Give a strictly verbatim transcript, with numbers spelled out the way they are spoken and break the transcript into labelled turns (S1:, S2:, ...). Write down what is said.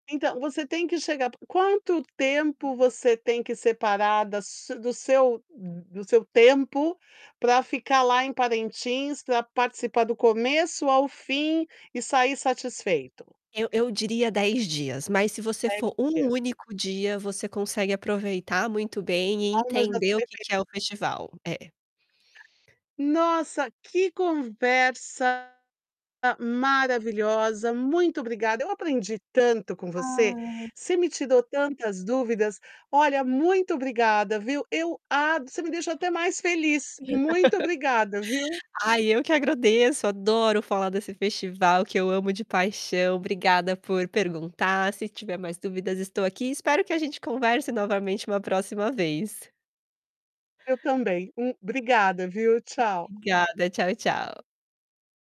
S1: Então, você tem que chegar quanto tempo você tem que separar da su do seu do seu tempo, para ficar lá em Parentins, pra participar do começo ao fim, e sair satisfeito?
S2: Eu eu diria dez dias, mas se você
S1: dez
S2: for um
S1: dias.
S2: único dia você consegue aproveitar muito bem e entender o que
S1: [unintelligible]
S2: que é o festival, é.
S1: Nossa que conversa maravilhosa, muito obrigada, eu aprendi tanto com você,
S2: Ah.
S1: você me tirou tantas dúvidas. Olha, muito obrigada, viu. Eu a você me deixou até mais feliz. Muito obrigada, viu.
S2: Ai eu que agradeço, adoro falar desse festival que eu amo de paixão, obrigada por perguntar, se tiver mais dúvidas estou aqui, espero que a gente converse novamente uma próxima vez.
S1: Eu também, um obrigada, viu? Tchau.
S2: Obrigada, tchau, tchau.